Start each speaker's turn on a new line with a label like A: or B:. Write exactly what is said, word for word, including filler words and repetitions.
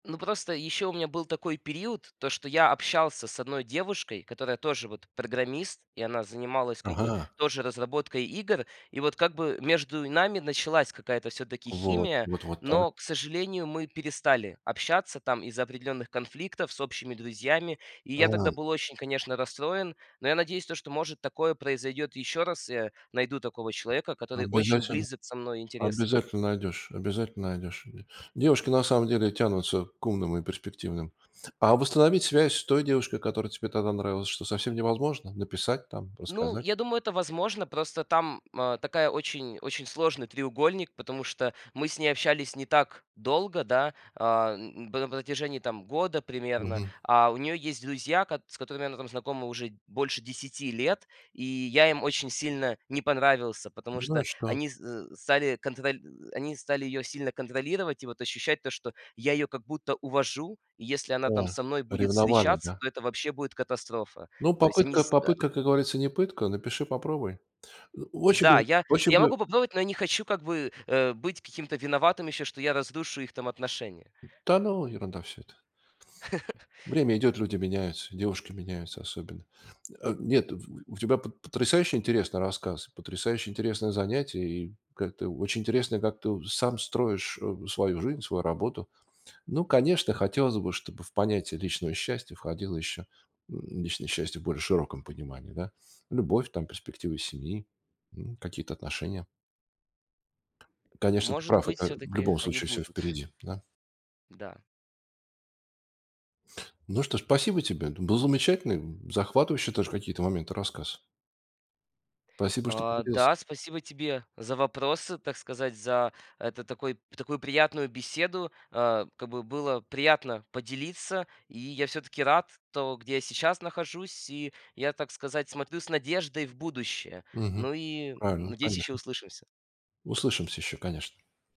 A: Ну, просто и ещё у меня был такой период, то, что я общался с одной девушкой, которая тоже вот программист, и она занималась, как бы,
B: Ага.
A: тоже разработкой игр. И вот, как бы, между и нами началась какая-то всё-таки
B: Вот,
A: химия.
B: вот, вот так.
A: Но, к сожалению, мы перестали общаться там из-за определённых конфликтов с общими друзьями. И я тогда
B: Ам.
A: был очень, конечно, расстроен, но я надеюсь, то, что, может, такое произойдёт ещё раз, я найду такого человека, который очень
B: Обязательно.
A: близок со мной интересы.
B: Обязательно найдешь, обязательно найдешь. Ве девушки на самом деле тянутся к умным и перспективным. А восстановить связь с той девушкой, которая тебе тогда нравилась, что, совсем невозможно? Написать там,
A: Ну,
B: рассказать?
A: я думаю, это возможно. Просто там ма такая очень очень сложный треугольник, потому что мы с ней общались не так долго, да, а, н н на про протяжении там года примерно.
B: Мгм.
A: А у неё есть друзья, кат с которыми она там знакома уже д больше десяти лет. И я им очень сильно не понравился, потому
B: Ну
A: что
B: и что?
A: они з зэ стали контроль ы ы они стали её сильно контролировать и вот ощущать то, что я её как будто увожу. И если она там
B: А,
A: со мной будет
B: ревновали,
A: встречаться,
B: да?
A: то это вообще будет катастрофа.
B: Ну,
A: То есть они
B: попытка
A: с э
B: попытка, как говорится, не пытка, напиши, попробуй. Ну, очень
A: Да,
B: бы,
A: я
B: очень
A: я
B: бы
A: могу попробовать, но я не хочу как бы, э, быть каким-то виноватым ещё, что я разрушу их там отношения.
B: М, да, ну, ерунда всё это. Время идет, люди меняются, и девушки меняются особенно. М а нет, в в у тебя пот потрясающе интересный рассказ, потрясающе интересное занятие и как-то очень интересно, как ты у сам строишь, э, свою жизнь, свою работу. Ну, конечно, хотелось бы, чтобы в понятие личного счастья входило еще, м, личное счастье в более широком понимании, да? Любовь, там, перспективы семьи, м, какие-то отношения. Конечно, ты
A: Может
B: прав,
A: быть,
B: это в
A: всё-таки
B: любом
A: они
B: случае всё
A: будут.
B: впереди, да?
A: Да.
B: Ну что, спасибо тебе. Дум был замечательный, м, захватывающий даже в какие-то моменты рассказ. Спасибо, что
A: А,
B: поделился.
A: да, спасибо тебе за вопросы, так сказать, за, это, такой, п такую приятную беседу. А, как бы было приятно поделиться, и я всё-таки рад то, где я сейчас нахожусь, и я, так сказать, смотрю с надеждой в будущее.
B: Мгм.
A: Ну и, м,
B: Правильно,
A: надеюсь, ещё
B: конечно.
A: услышимся.
B: Услышимся ещё, конечно.